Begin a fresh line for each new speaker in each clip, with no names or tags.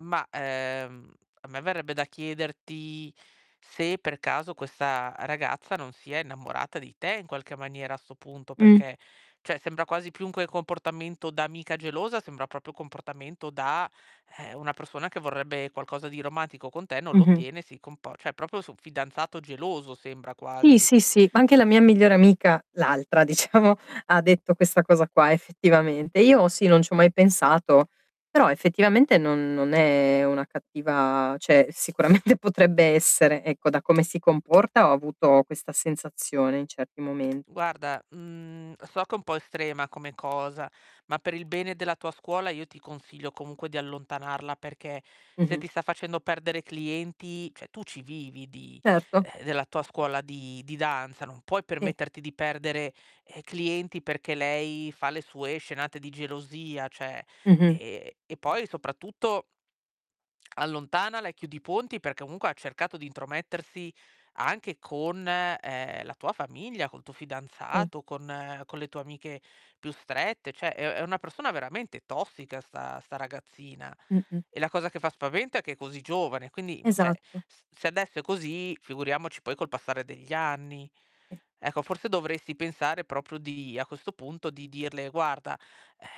Ma, ehm, a me verrebbe da chiederti se per caso questa ragazza non sia innamorata di te in qualche maniera a 'sto punto,
Mh.
perché cioè sembra quasi più che un comportamento da amica gelosa, sembra proprio un comportamento da, ehm, una persona che vorrebbe qualcosa di romantico con te, non lo
Mh-mh.
ottiene, si compor cioè proprio su fidanzato geloso sembra
Sì,
quasi.
sì, sì, ma anche la mia migliore amica, l'altra diciamo, ha detto questa cosa qua effettivamente. Io sì, non c'ho mai pensato, però effettivamente non non è una cattiva cioè sicuramente potrebbe essere, ecco, da come si comporta ho avuto questa sensazione in certi momen
Guarda, mhmm, so che è un po' estrema come cosa, ma per il bene della tua scuola io ti consiglio comunque di allontanarla perché, se
Mh-mh.
ti sta facendo perdere clienti cioè tu ci vivi di
Certo.
uhm, della tua scuola di di danza, non puoi
Sì.
permetterti di perdere, ehm, clienti perché lei fa le sue scenate di gelosia, cioè;
Mh-mh.
ehm, e poi soprattutto allontanala e chiudi i ponti perché comunque ha cercato di intromettersi anche con, ehm, la tua famiglia, col tuo
Sì.
fidanzato, con con le tue amiche più strette; cioè è è una persona veramente tossica 'sta 'sta ragazzina.
Mh-mh.
E la cosa che fa spavento è che è così giovane, quindi, cioè,
Esatto.
s se adesso è così, figuriamoci poi col passare degli anni.
Mh.
Ecco, forse dovresti pensare proprio di a questo punto, di dirle: "Guarda,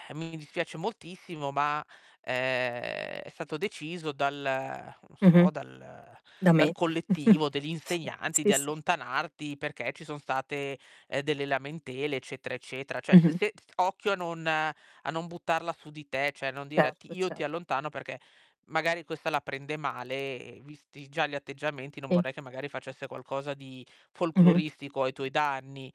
ehm, mi dispiace moltissimo, ma, ehm, è stato deciso dal non
Mh-mh.
so, dal
Da
dal
me.
collettivo degli insegnanti di
Sì, sì.
allontanarti perché ci son state, ehm, delle lamentele eccetera, eccetera". Cioè s
Mh-mh.
se occhio a non a non buttarla su di te, cioè non dire:
Certo,
"Ti io ti
cert
allontano", perché magari questa la prende male, visti già gli atteggiamenti non
Sì.
vorrei che magari facesse qualcosa di
Mh-mh.
folcloristico ai tuoi danni.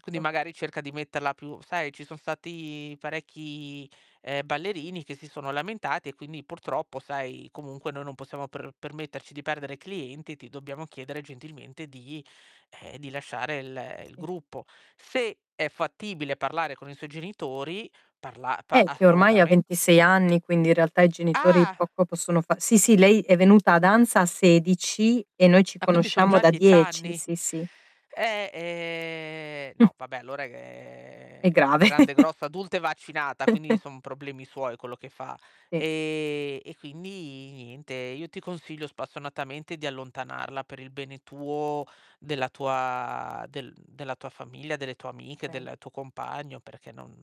Quindi magari cerca di metterla più: "Sai, ci son stati parecchi, ehm, ballerini che si sono lamentati e quindi purtroppo, sai, comunque noi non possiamo per permetterci di perdere clienti, ti dobbiamo chiedere gentilmente di ehm, di lasciare il il
Sì.
gruppo". Se è fattibile parlare con i suoi genitori, parla pa
Eh, che ormai ha
assolutamen
26 anni, quindi in realtà i genitori
Ah!
poco possono fa sì, sì, lei è venuta a danza a 16 e noi ci
Ah, quindi son
conosciamo
già
da
10
10.
anni.
Sì, sì.
Eh, ehm, no, vabbè allora,
È
ehm,
grave.
grande, grossa, adulta e vaccinata quindi son problemi suoi quello che fa.
Sì.
Ehm, e quindi niente, io ti consiglio spassionatamente di allontanarla per il bene tuo, della tua del della tua famiglia, delle tue amiche,
Okay.
del tuo compagno, perché non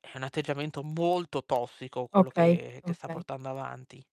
è un atteggiamento molto tossico quello
Okay,
che che sta
okay.
portando avanti.